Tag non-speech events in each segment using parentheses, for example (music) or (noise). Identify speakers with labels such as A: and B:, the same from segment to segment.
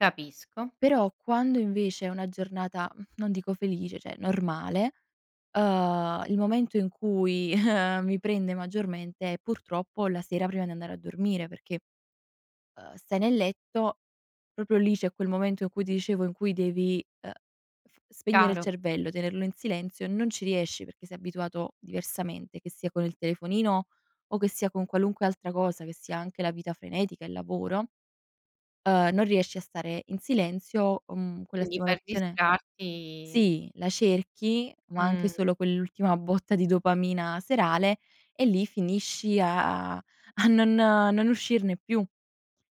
A: Capisco.
B: Però, quando invece, è una giornata, mhmm, non dico felice, cioè, normale, uhm, il momento in cui (chuckles) mi prende maggiormente, è purtroppo, la sera prima di andare a dormire, perché, uhm, stai nel letto, proprio lì c'è quel momento in cui, ti dicevo in cui devi, ehm, f spegnere il
A: Chiaro.
B: cervello, tenerlo in silenzio, non ci riesci, perché sei abituato diversamente, che sia con il telefonino, o che sia con qualunque altra cosa, che sia anche la vita frenetica, il lavoro, ehm, non riesci a stare in silenzio, o mhmm, quella
A: Quindi per
B: stimolazione
A: distrarti
B: sì, la cerchi, ma anche
A: Mh.
B: solo quell'ultima botta di dopamina serale, e lì finisci a a non non uscirne più.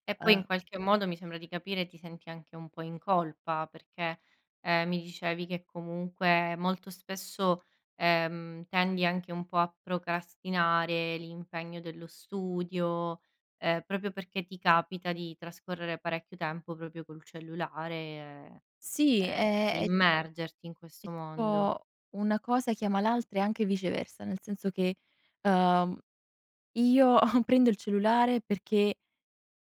A: E poi, in
B: Eh.
A: qualche modo, mi sembra di capire, ti senti anche un po' in colpa, perché, ehm, mi dicevi che comunque, molto spesso, ehm, tendi anche un po' a procrastinare l'impegno dello studio, ehm, proprio perché ti capita di trascorrere parecchio tempo, proprio col cellulare,
B: Sì,
A: ehm,
B: è
A: di
B: è è
A: immergerti in questo mondo.
B: tipo, una cosa chiama l'altra, e anche viceversa, nel senso che, ehm, io (snorts) prendo il cellulare perché,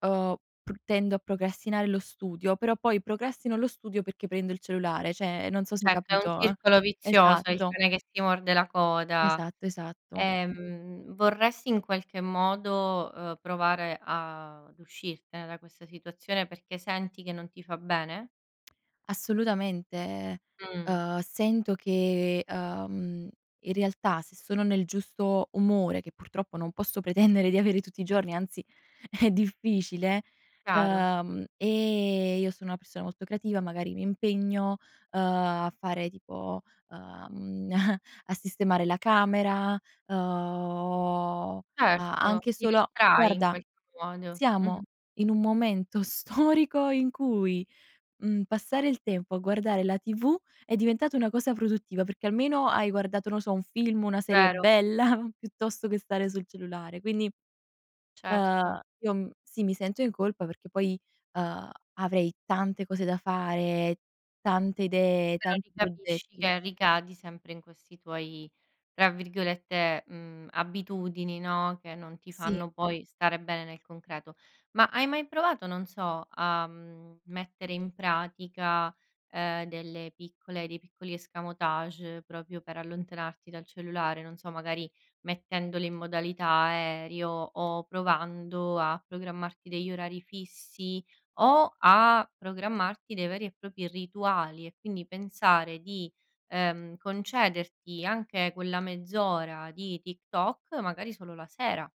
B: ehm, pr tendo a procrastinare lo studio, però poi, procrastino lo studio perché prendo il cellulare, cioè, non so se hai
A: Certo, è un
B: capito, eh.
A: circolo vizioso, è il
B: Esatto.
A: cane che si morde la coda.
B: Esatto, esatto.
A: Ehm, vorresti in qualche modo, uhm, provare ad uscirtene da questa situazione, perché senti che non ti fa bene?
B: Assolutamente,
A: Mh.
B: uhm, sento che, uhm, in realtà se sono nel giusto umore, che purtroppo non posso pretendere di avere tutti i giorni, anzi è difficile,
A: Chiaro.
B: uhm, e io sono una persona molto creativa, magari mi impegno, uhm, a fare tipo, uhm, (chuckles) a sistemare la camera, uhm, a
A: Certo,
B: anche
A: ti
B: solo
A: distrai in
B: guarda,
A: qualche modo.
B: siamo
A: Mh-mh.
B: in un momento storico in cui, mhmm, passare il tempo a guardare la TV, è diventata una cosa produttiva, perché almeno hai guardato, no so, un film, una serie
A: Vero.
B: bella (chuckles) piuttosto che stare sul cellulare. Quindi, ehm,
A: Certo.
B: io m sì, mi sento in colpa, perché poi, ehm, avrei tante cose da fare, tante idee,
A: Però lì
B: tanti
A: capisci,
B: progetti.
A: che ricadi sempre in questi tuoi, tra virgolette, mhmm, "abitudini", no, che non ti
B: Sì.
A: fanno poi stare bene nel concreto. Ma hai mai provato, non so, a, mhmm, mettere in pratica, ehm, delle piccole dei piccoli escamotage proprio per allontanarti dal cellulare, non so, magari, mettendoli in modalità aereo, o provando a programmarti degli orari fissi, o a programmarti dei veri e propri rituali, e quindi pensare di, ehm, concederti anche quella mezz'ora di TikTok, magari solo la sera.